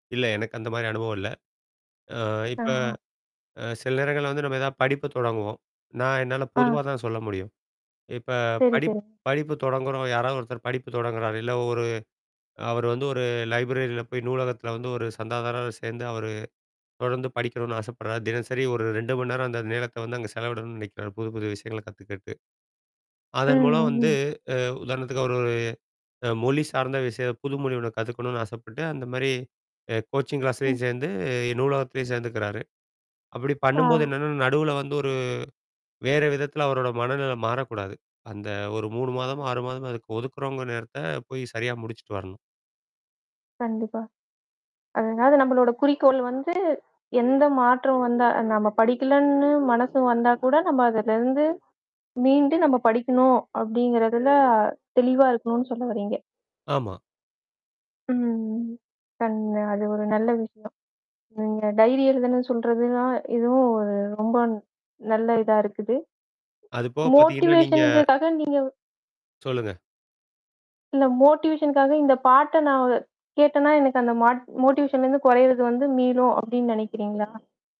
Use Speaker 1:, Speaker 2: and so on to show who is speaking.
Speaker 1: இல்ல, எனக்கு அந்த மாதிரி அனுபவம் இல்ல. அ இப்போ,
Speaker 2: ஆஹா.
Speaker 1: அ சில நேரங்கள்ல வந்து நம்ம எதாவது படிப்பை தொடங்குவோம். நான் என்னால பொதுவா
Speaker 2: அ.
Speaker 1: தான் சொல்ல முடியும். இப்போ
Speaker 2: சரி,
Speaker 1: படிப்
Speaker 2: சரி.
Speaker 1: படிப்பு தொடங்குறோம் யாராவது ஒருத்தர் படிப்பு தொடங்குகிறார் இல்ல ஒரு அவர் வந்து ஒரு லைப்ரரியில போய் நூலகத்தில வந்து ஒரு சந்தாதாரரா சேர்ந்து அவர் தொடர்ந்து படிக்கணும்னு ஆசைப்படுறார். தினசரி ஒரு 2 மணி நேரம் அந்த நேரத்தை வந்து அங்கே செலவிடணும்னு நினைக்கிறார். புது, புது விஷயங்களை கத்துக்கறதுக்கு,
Speaker 2: ம்,
Speaker 1: அதன்மூலம் வந்து,
Speaker 2: ம்ஹ்ம்.
Speaker 1: அ உதாரணத்துக்கு அவரு ஒரு அ மொழி சார்ந்த விஷயம் புது மொழி ஒண்ணு கத்துக்கணும்னு ஆசைப்பட்டு அந்த மாரி கோச்சிங்
Speaker 2: ம்.
Speaker 1: கிளாஸ்லேயும் சேர்ந்து, நூலகத்திலேயும் சேர்ந்துக்கிறாரு. அப்படி பண்ணும்போது
Speaker 2: ஆ.
Speaker 1: என்னன்னா, நடுவில வந்து ஒரு வேறு விதத்தில அவரோட மனநிலை மாறக்கூடாது அந்த ஒரு 3
Speaker 2: ஆ.
Speaker 1: மாதம், 6 மாதமோ அதுக்கு ஒதுக்குறவங்க நேரத்தை போய் சரியா முடிச்சிட்டு வரணும்.
Speaker 2: கண்டிப்பா. அதனால நம்மளோட குறிக்கோள் வந்து எந்த மாற்றம் வந்தா நம்ம படிக்கலன்னு, மனசு வந்தா கூட நம்ம அதுலேருந்து மீண்டு நம்ம படிக்கணும் அப்படிங்கிறதில தெளிவா இருக்கணும்னு சொல்ல வர்றீங்க.
Speaker 1: ஆமா.
Speaker 2: ம். கண் அது ஒரு நல்ல விஷயம். ம். டைரி எழுதணும்ன்னு சொல்றதுனா, இதுவும் ஒரு ரொம்ப நல்ல இதா இருக்குது.
Speaker 1: அதுபோக பார்த்தீங்கன்னா, நீங்க.
Speaker 2: மோட்டிவேஷன்க்காக நீங்க
Speaker 1: சொல்லுங்க.
Speaker 2: இல்லை மோட்டிவேஷனுக்காக இந்த பாட்டை நான் வு கேட்டேன்னா எனக்கு அந்த ம மோட்டிவேஷனலேருந்து குறையிறது வந்து மீளும் அப்படின்னு நினைக்கிறீங்களா?